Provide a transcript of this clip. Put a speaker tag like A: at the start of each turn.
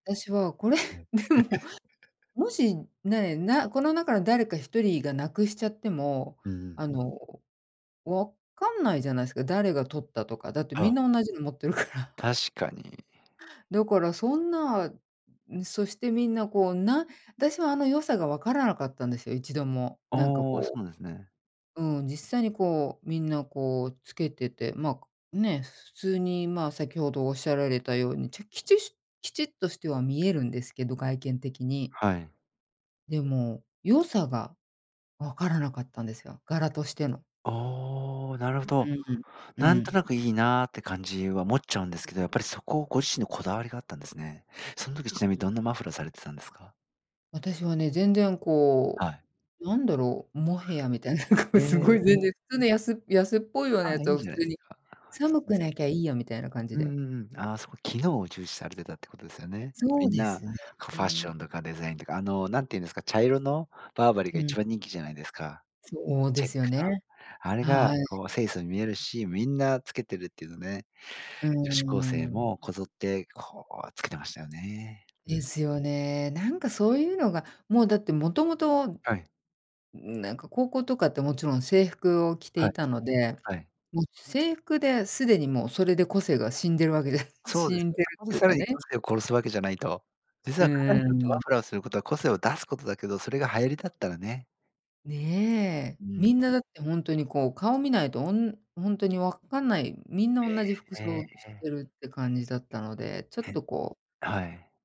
A: 私はこれ
B: はい。
A: でも、もし ね、なこの中の誰か1人が失くしちゃっても、
B: うんうん。
A: あの、分かんないじゃないですか。誰が盗ったとか、だってみ
B: は。
A: んな同じの持ってるから。
B: 確かに。
A: だからそんな、そしてみんな、こうな私は、あの、良さが分からなかったんですよ、一度も。
B: あ
A: なんか
B: あ、そう
A: こ
B: なんですね。
A: ううん、実際にこう、みんなこうつけてて、まあ、ね、普通にまあ、先程おっしゃられたように、きちきちっとしては見えるんですけど、外見的に。
B: はい。
A: でも、良さが分からなかったんですよ、柄としての。
B: おお。なるほ
A: う
B: ど。
A: んうん。う
B: なんと
A: ん。
B: なくいいなって感じは思っちゃうんですけど、やっぱりそこをご自身のこだわりがあったんですね。その時ちなみに、どんなマフラーされてたんですか？
A: 私はね、全然こ
B: はい。
A: う、なんだろう、モヘアみたいな、こう、
B: え
A: すごい全然
B: え。
A: 普通の安安っぽいような
B: あ、
A: やつ
B: いい
A: を普
B: じゃない
A: 通
B: です
A: に
B: か。
A: 寒く
B: [unintelligible]
A: なきゃいいや、みたいな感じ
B: うん
A: で。
B: うんうん。ああ、そう、機能を重視されてたってことですよね。
A: そ
B: み
A: う
B: ん
A: で
B: な、
A: す
B: こうファッシ
A: ね。
B: ョンとかデザインとか、あの、何てゆんですか、茶色のバーバリー
A: う
B: が
A: ん。
B: 一番人気じゃないですか。
A: そうで
B: チェッ
A: すよ
B: クの。
A: ね。
B: あれが
A: はい。
B: こう、清楚に見えるし、みんなつけてるっていうのね。
A: うー
B: 女子高生
A: ん。
B: もこぞってこう、つけてましたよね。うん。
A: ですよね。なんかそういうのが、もうだって、もともと
B: はい。
A: なんか高校とかって、もちろん制服を着て
B: は
A: い
B: い。
A: たので、
B: はい。
A: もう制服ですでに、もうそれで個性が死んでるわけで
B: そうで
A: 死
B: す
A: ん
B: ね。
A: でる
B: そこ
A: っ
B: で
A: ていう
B: さ
A: か
B: らに
A: ね。
B: 個性を殺すわけじゃないと。実
A: う
B: は彼らに
A: ー
B: とっ
A: ん、
B: てマ
A: に。
B: フラーをすることは、個性を出すことだけど、それが流行りだったらね。
A: ね。
B: う
A: み
B: ん。
A: んな、だってほんとにこう、顔見ないとほんほんとに分かんない、みんな
B: え
A: 同じ服
B: え、え、
A: 装し
B: え。
A: てるって感じだったので、ちょっ
B: え。
A: とこう
B: はい。